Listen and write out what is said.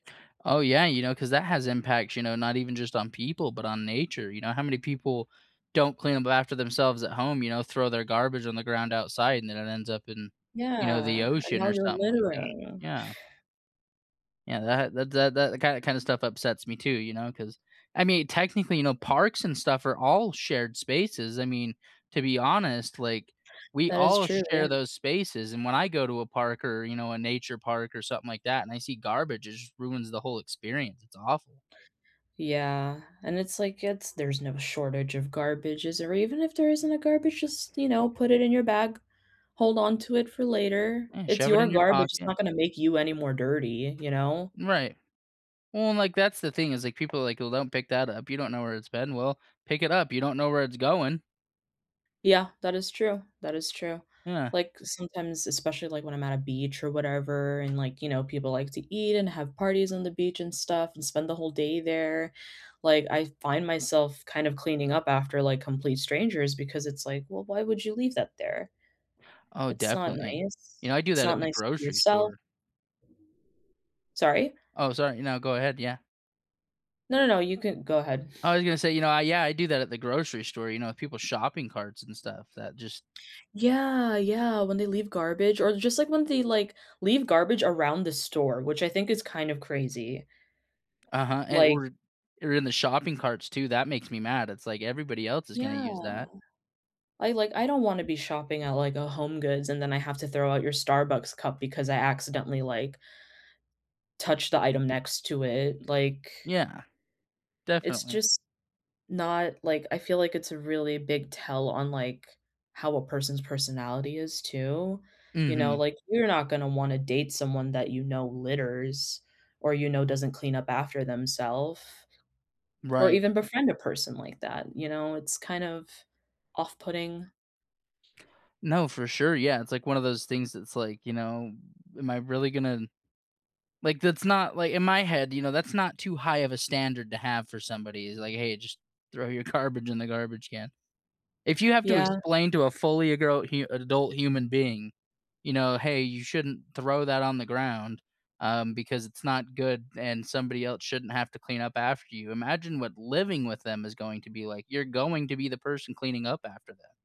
Oh, yeah, you know 'cause that has impacts, you know, not even just on people, but on nature you know how many people don't clean up after themselves at home, you know, throw their garbage on the ground outside, and then it ends up in, you know, the Yeah, and ocean now or you're something like that, littering. yeah. Yeah, that that that that ki kinda stuff upsets me too, you know, 'cause I mean, technically, you know, parks and stuff are all shared spaces, I mean, to be honest, like, we That is all true, yeah. share those spaces, and when I go to a park or, you know, a nature park or something like that, and I see garbage, it just ruins the whole experience, it's awful. Yeah, and it's like it's there's no shortage of garbages or even if there isn't a garbage, just, you know, put it in your bag. Hold on to it for later, Yeah, it's shove it your in your garbage, it's pocket. not gonna make you any more dirty, you know? Right. Well, like, that's the thing is like people like, "Well, don't pick that up, you don't know where it's been." well, pick it up, you don't know where it's going. Yeah, that is true, that is true, Yeah. like sometimes especially, like when I'm at a beach or whatever, and like, you know, people like to eat and have parties on the beach and stuff and spend the whole day there, like, I find myself kind of cleaning up after, like, complete strangers because it's like, "Well, why would you leave that there?" Oh, It's not definitely. You nice. know, I do It's that at not the nice to grocery yourself. store. Sorry? Oh, sorry. No, go ahead, yeah. No, no, you can go ahead. I was gonna say, you know I yeah, I do that at the grocery store, you know, with people's shopping carts and stuff that just Yeah, yeah, when they leave garbage, or just like when they, like, leave garbage around the store, which I think is kind of crazy. Uh-huh, and Like or or in the shopping carts too, that makes me mad, it's like everybody else is gonna use Yeah. that. I like I don't wanna be shopping at like, a HomeGoods and then I have to throw out your Starbucks cup because I accidentally, like touched the item next to it, like Yeah, It's definitely. just not like I feel like it's a really big tell on, like, how a person's personality is too. You know, Mhm. like, you're not gonna wanna date someone that you know litters or, you know, doesn't clean up after themself or Right. even befriend a person like that, you know, it's kind of off putting. No, for sure Yeah, it's like one of those things that's like, you know, am I really gonna like that's not like in my head, you know, that's not too high of a standard to have for somebody is like, "Hey, just throw your garbage in the garbage can." If you have to Yeah. explain to a fully gro hu adult human being, you know, "Hey you shouldn't throw that on the ground, um, because it's not good, and somebody el shouldn't have to clean up after you." Imagine what living with them is going to be like, you're going to be the person cleaning up after them.